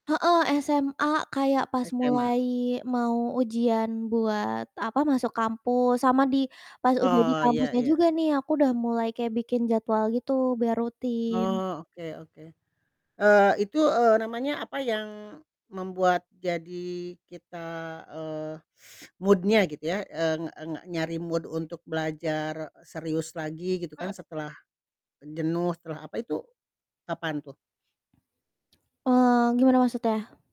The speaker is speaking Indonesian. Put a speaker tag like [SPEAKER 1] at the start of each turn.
[SPEAKER 1] Heeh, SMA kayak pas
[SPEAKER 2] SMA?
[SPEAKER 1] mulai mau ujian buat, apa, masuk kampus, sama di pas udah di
[SPEAKER 2] Oh, iya
[SPEAKER 1] kampusnya
[SPEAKER 2] iya.
[SPEAKER 1] juga nih, aku udah mulai kayak bikin jadwal gitu, biar rutin.
[SPEAKER 2] Oh, oke oke, eee, itu, eee, namanya apa yang membuat jadi kita, eee, mood-nya, gitu ya, eee eee, nyari mood untuk belajar serius lagi, gitu
[SPEAKER 1] Heeh.
[SPEAKER 2] kan, setelah e jenuh, setelah, apa, itu, kapan tuh?
[SPEAKER 1] Eee, gimana maksudnya?